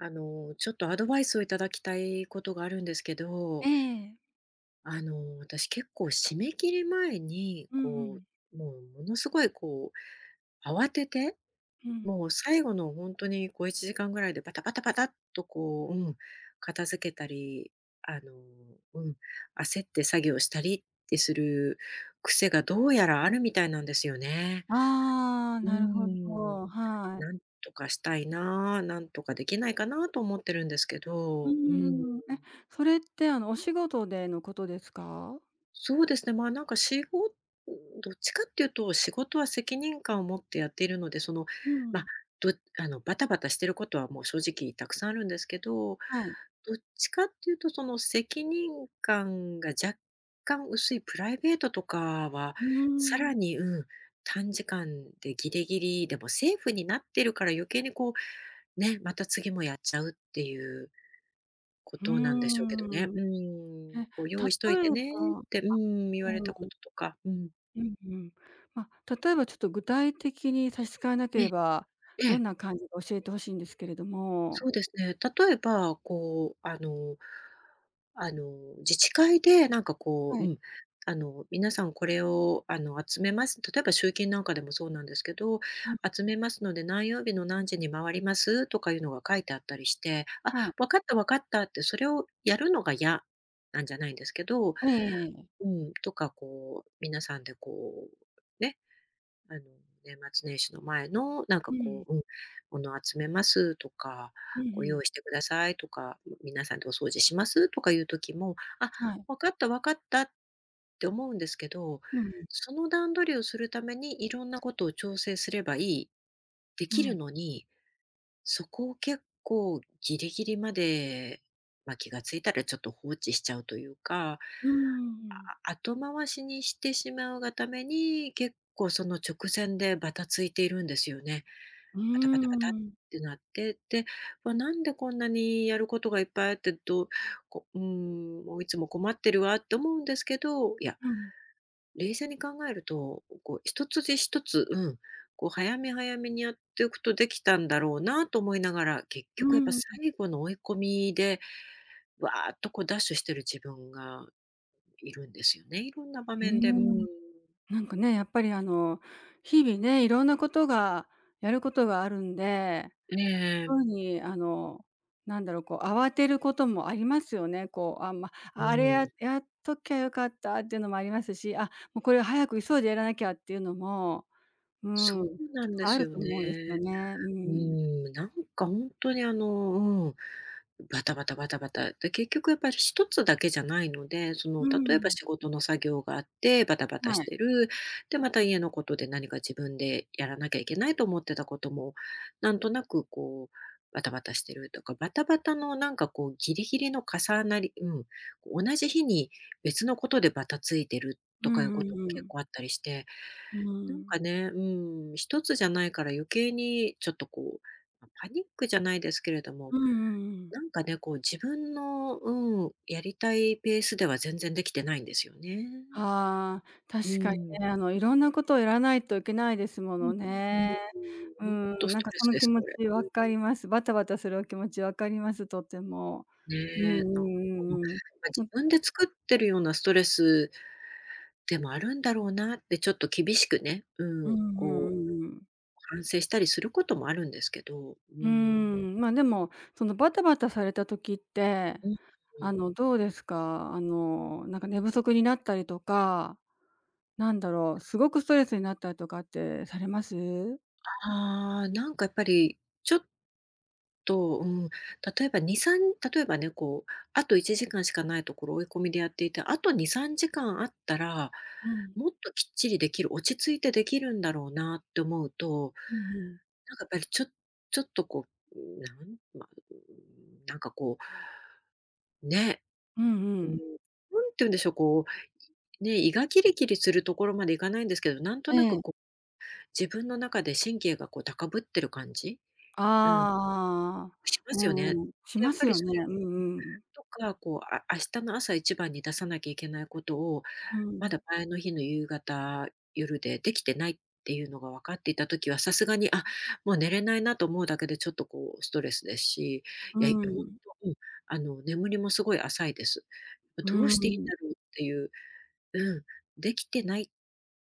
あの、ちょっと、アドバイスを頂きたい事があるんですけえどえ。あの、私、結構締め切り前に、うんうこん。う、もう、ものすごい、こう、慌てて、うん。もう、最後のほんとに小1時間ぐらいで、パタパタパタッと、こう、うん、片付けたり、あの、うん、焦って作業したり、ってする癖が、どうやらあるみたいなんですよね。ああ、うーなるほん。ど、はい。何とかしたいな、何とかできないかなと思ってるんですけうーど。うーん。ん。え、それって、あの、お仕事でのことですか？そうですね、ま、なんか、しごどっちかっていうと、仕事は責任感を持ってやっているので、その、うま、ん。どあの、バタバタしてることは、もう、正直沢山あるんですけど、はい。どっちかっていうと、その、責任感が若干薄いプライベートとかは、うーん。更に、うん、短時間でギリギリでもセーフになってるから余計に、こう、ね、また次もやっちゃうっていう、こふーとなんでしょうけどね。ん。うえ、ん。こう、「用意しとい例てえね」っばあ、てうん、言われたうこん。ととか。うん。うんうん。ま、例えば、ちょっと具体的に、差し支えなけえれえ。ば、えどんえ。な感じか教えて欲しいんですけれども。そうですね。例えば、こう、あのあの、自治会で、なんか、こはう、うい。ん、あの、皆さんこれを、あの、集めます例えば、集金なんかでもそうなんですけど、うん。集ふん。めますので、何曜日の何時に回ります、とかいうのが書いてあったりして、あ、はい。分かった、分かったって、それをやるのが嫌なんじゃないんですけど、ええええ。うん、とか、こう、皆さんで、こう、ね、あの、年末年始の前の、なんかうこん。う、うん、ものを集めますとか、うん、こふう、用ん。意してくださいとか、ん、皆さんでお掃除します、とかいう時も、あ、はい。分かった、分かった、って思うんですけど、うんうん。その段取りをするために色んなことを調整すれば良い、出う来るん。のに、そこを結構ギリギリまで、ま、気がついたらちょっと放置しちゃうというか。うんうんうん。ああ、後回しにしてしまうがために、結構その直線でバタついているんですよね。うーバタバタバタっん。てなって、で、ま、なんでこんなにやることがいっぱいあって、どこうん、もういつも困ってるわって思うんですけど、いや、うん。冷静に考えると、こう、1つで1つ、うん、こう、早め早めにやっておくとできたんだろうなと思いながら、結う局やっぱんうん。最後の追い込みで、わーっと、こう、ダッシュしてる自分がいるんですよね。いろんな場うー面で。うん。ん。なんかね、やっぱり、あの、日々ね、色んなことが、やることがあるんで、ええ。そうに、あの、なんだろう、こう、慌てることもありますよね。こう、あんま、うあれ、やーっん。やっときゃ良かったっていうのも有りますし、あ、もうこれは早く急いでやらなきゃっていうのも、うそうん、なんであするよと思うんですよね。ね。ううーん。ん。なんかほんとに、あの、うん、バタバタバタバタ、で、結局やっぱり1つだけじゃないので、そうの、ー例えばん。仕事の作業があってバタバタしはい。てる、で、また家のことで、何か自分でやらなきゃいけないと思ってたことも、なんとなく、こう、バタバタしてるとか。バタバタの、なんか、こう、ギリギリの重なりうん。こう、同じ日に別のことでバタついてる、うとかいんううこともんう結ん。構あったりして。うなんん。かね、うん、1つじゃないから余計に、ちょっと、こう、パニックじゃないですけれども、うんうんうん。なんかね、こう、自分の、うん、やりたいペースでは全然出来てないんですよね。はあ、う確かにん。ね、あの、色んなことをやらないといけないですもうん、のうんうね。ん。うほんっとん、スなんトか、レそスので気す、持これ。ちう分ん。かります。バタバタするお気持ち分かります、とても。うんね。なんか、うま、んうんうん。ま、う自ん。分で作ってるようなストレスでもあるんだろうなって、ちょっと厳しくね、ううん、んうんこううんうん。反省したりすることもあるんですけど。うーうーん。ん。まあ、でも、その、バタバタされた時って、うん、うあん。の、どうですか？あの、なんか寝不足になったりとか、なんだろう、すごくストレスになったりとかってされます？ああ。なんか、やっぱり、ちょっと、うん、例えば2、3例えばね、こう、あと1時間しか無いところを追い込みでやっていて、あと2、3時間あったら、うん。もっときっちりできる、落ち着いてできるんだろうなって思うと、うん、ふん。なんかやっぱりちょちょっとこう、ん、なんま、うーん、なんか、こうね。うんううん、ん。なんて言うんでしょう、こう、いね、胃がキリキリするところまで行かないんですけど、なんとなえく、え。こう、自分の中で神経が、こう、高ぶってる感じ。あうん。あああ。しまうすよね。んうん、しやまっぱすりよそね、れうんん、うん。とか、こう、あ明日の朝一番に出さなきゃいけないことを、うまん。だ前の日の夕方、夜でできてないっていうのが分かっていた時はさすがに「あ、もう寝れないな」と思うだけで、ちょっと、こう、ストレスですし。ういや、ほーんん。と、うん、あの、眠りもすごい浅いです。あ、うどうーしていいんん。だろうっていううん。出来てない、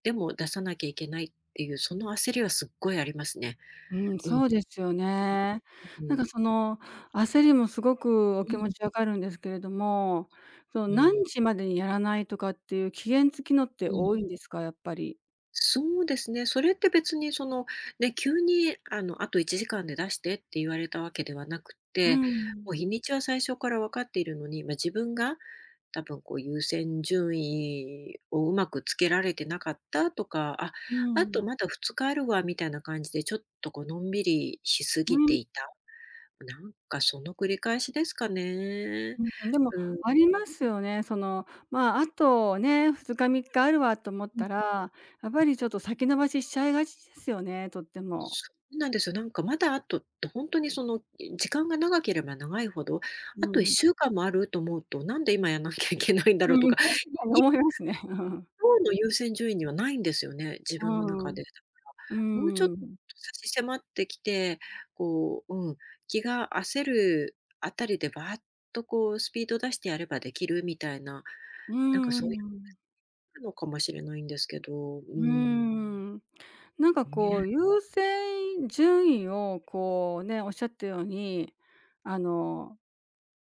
でも、出さなきゃいけない、っていう、その焦りはすっごいありますね。うん、うん。そうですよね。うなんか、ん。その、焦りもすごくおう気持ん。ち分かるんですけれども、その、うん。何時までにやらないとかっていう、期限付きのってうん。多いんですか？やっぱり。そうですね、それって別にそのね、急にあの、あと1時間で出してって言われたわけではなくっうて、ん。もう日にちは最初から分かっているのに、ま、自分が多分こう優先順位をうまくつけられてなかったとか、「あ、うあとん。まだ2日あるわ」みたいな感じでちょっとこうのんびりしすうぎてん。いた。なんかその繰り返しですかね。うん、でもうん。ありますよね。そのまあ、あとね、2日3日あるわと思っん、たら、やっぱん。りちょっと先延ばししちゃいがちですよね。とっても。そうなんですよ。なんかまだあとって、ほんとにそのい時間が長ければ長いほど、うあといっん。しゅうかんもあると思うと、なんで今やんなきゃいけないんだうろうんとうん、か。確かにい思いますね。うん。のうの優先順位にはないんですよね、自う分の中ん。で、だうから。もうちょっとん。差し迫ってきて、こう、うん、気が焦るあたりでばーっとこう、スピード出してやればできるみたいな。うなんかんうそういうん。のかもしれないんですけど、うーうーん。ん。なんかこね。う、優先順位をこうね、おっしゃったように、あの、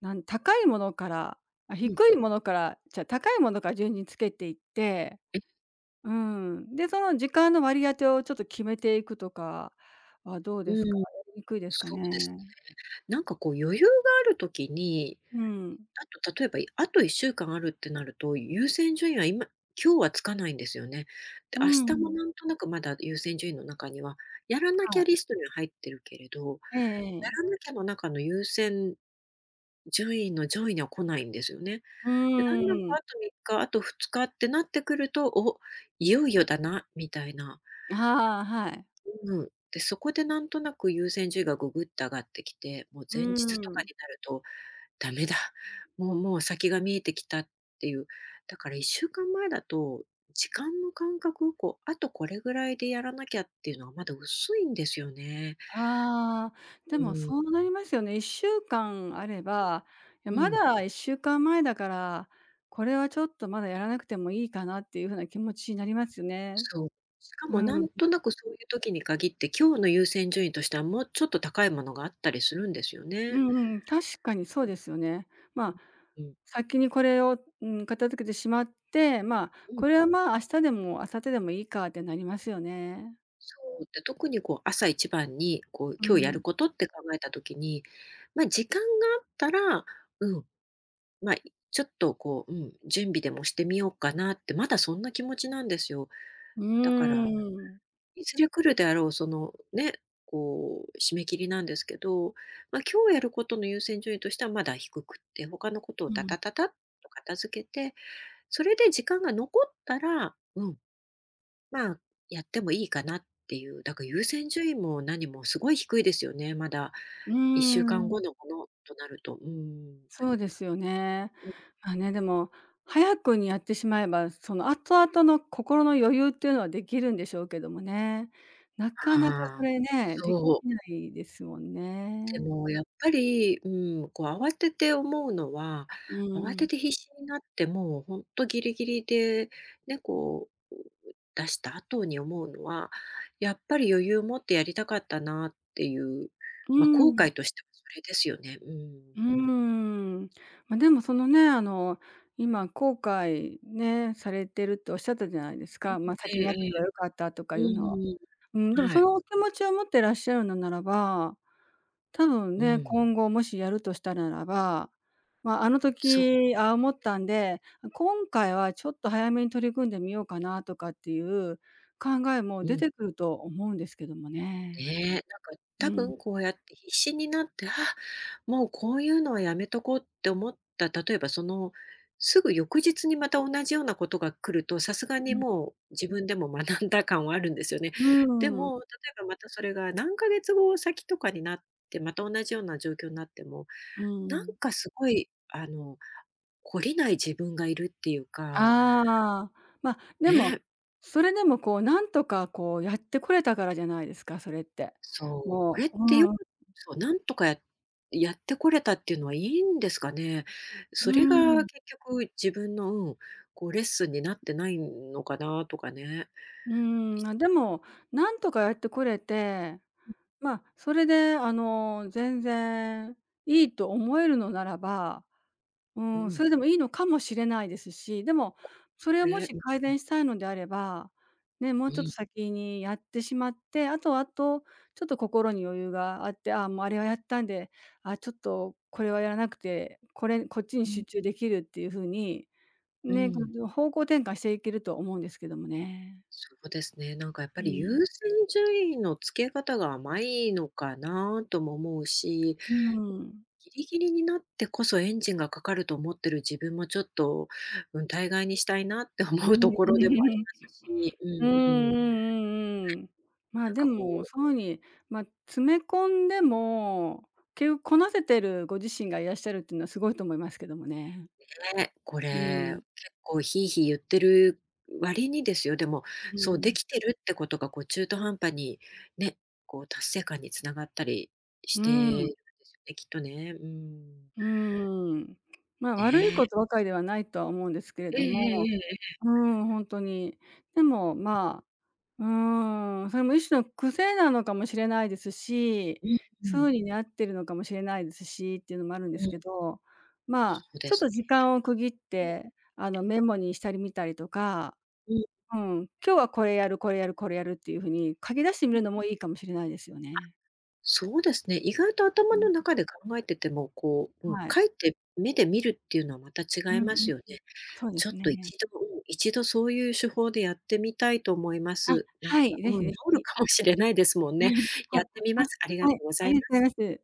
なん高いものからあ、う低ん。いものからちゃう、高いものから順につけていって。うん。で、その時間の割り当てをちょっと決めていくとかはどううですか？ーん、やりにくいですかそうね。ですね。なんかこう余裕がある時に、うん。あと、例えば、あと1週間あるってなると、優先順位は今今日はつかないんですよね。で、う明日もん。なんとなくまだ優先順位の中には、やらなきはゃい。リストには入ってるけれど、ええやええ。らなきゃの中の優先順位の上位には来ないんですよね。うで、だんだんあーん。と3日、あと2日ってなってくると、お、いよいよだなみたいな。ああ、はい。うーん、で、そこでなんとなく優先順位がぐぐっと上がってきて、もうう前日とーかん。になるとダメだ、もうもう先が見えてきたっていう。だから1週間前だと、時間の感覚をこう、あとこれぐらいでやらなきゃっていうのはまだ薄いんですよね。ああ、うでもーん。そうなりますよね。1週間あれば、いや、うまん。うん。だ1週間前だから、これはちょっとまだやらなくてもいいかなっていう風な気持ちになりますね。そう、しかうもなん。んとなくそういう時に限って、今日の優先順位としてはもうちょっと高いものがあったりするんですようね。んうん、確かにそうですよね。まあ、うん。先にこれを、うーん、片付けてしまって、まあ、うん。これはまあ、明日でも明後日でもいいかってなりますよね。そう。で、特にこう朝一番にこうう今日やるん。ことって考えた時に、ま、時間があったら、うん、ま、いちょっとこう、うん、準備でもしてみようかなってまだそんな気持ちなんですよ。うだから、ーん。いずれ来るであろうその、ね、こう締め切りなんですけど、ま、今日やることの優先順位としてはまだ低くって、他のことをうタん。タタタッと片付けて、それで時間が残ったら、うん、まあ、やってもいいかなっていう。だから優先順位も何もすごい低いですよね、まだうーいっしゅうかんん。ごのものとなると、うーん。そうですよね。うん。ま、ね、でも、早くにやってしまえば、その後々の心の余裕っていうのは出来るんでしょうけどもね。なかなかそああ、れね、できそう。ないですもんでね。も、やっぱり、うん、こう慌てて思うのは、う慌ーてん。て必死になってもうほんとギリギリでね、こう、出した後に思うのは、やっぱり余裕を持ってやりたかったなっていう。うま、ー後ん。悔としてはそれですよね、ううん。ーん。ま、でもそのね、あの、今後悔ね、されてるっておっしゃったじゃないですうん、か。ま、え先えにやっとけええ。ば良かったとかういうのは。んううーん、でもん。はそい。のお気持ちを持っていらっしゃるのならば、多分うね、ん。今後もしやるとしたらならば、ま、あのそう。時ああ思ったんで、あ、今回はちょっと早めに取り組んでみようかなとかっていう考えもう出ん。てくると思うんですけどもねね。え、なんかう多ん。分、こうやって必死になって、あ、もうこういうのはやめとこうって思った、例えばその、すぐ翌日にまた同じようなことが来ると、さすがうにうん。もう、自分でも学んだ感はあるんですよね。うでん。も、例えばまたそれが何か月後先とかになって、また同じような状況になっても、うーなんん。かすごい、あの、懲りない自分がいるっていうかああ、ま、でも、ね。それでもこう、なんとかこう、やってこれたからじゃないですか、それって。そう、こもれっうてようん。くそう、なんとかややってこれたっていうのはいいんですかね？うそれーがん。結局自分の、うん、こうレッスンになってないんのかなとかね。うーいん、あ、でも、なんとかやってこれて、ん。ま、それであの、全然いいと思えるのならば、ううーん、ん。それでもいいのかもしれないですし。でも、こそれをもれ。しん、改ん。善したいのであれば、ね、もううちょっん。と先にやってしまって、あとあとちょっと心に余裕があって、ああ、もうあれはやったんで、あ、ちょっとこれはやらなくて、これ、こっちに集ね。中できるっていう風に、うね、ん。方向転換していけると思うんですけどもね。そうですね、なんかやっぱうりん。優先順位のつけ方が甘いのかなとも思うしうん。ギリギリになってこそエンジンがかかると思っている自分もちょっと、うん、大概にしたいなって思うところでもありま すし、ううんうんうんうん。ね、んうん。まあ、なんでかこも、うそういう風に、ま、詰め込んでも、結局こなせてるご自身がいらっしゃるっていうのはすごいと思いますけどもね。ね、こうれ、ん。結構ヒーヒー言ってる割にですよ、でも、うそうでん。きてるってことがこう中途半端にね、こう達成感に繋がったりしうてん。るんですよね、きっとね。うん。うーん。まあ、悪いこね。とばかりではないとは思うんですけれえええどえも。ええええ。うーん、ほんとに。でも、ん。まあ、うーん、それも一種の癖なのかもしれないですし、うんうそん。ういうにあっているのかもしれないですしっていうのもあるんでうすん。けど、まあ、そうでちょっすとね。時間を区切っうん。て、あの、メモにしたり見たりとか、うん。うん。今日はこれやる、これやる、これやるっていう風に書き出してみん。るのもいいかもしれないですよあ、ね。そうですね、意外と頭の中で考えてても、こう、うん、はい。書いて目で見るっていうのはまたう違いんまうん、すよね。そうでちょっすといね。ちど、うん、1度そういう手法でやってみたいと思いまあ、す。なんか、はい、是うん、治非是る非。かもしれないですもんうん、ね。はやっい、てみます。ありあ、がはとい、うござありいがまとす。うございます。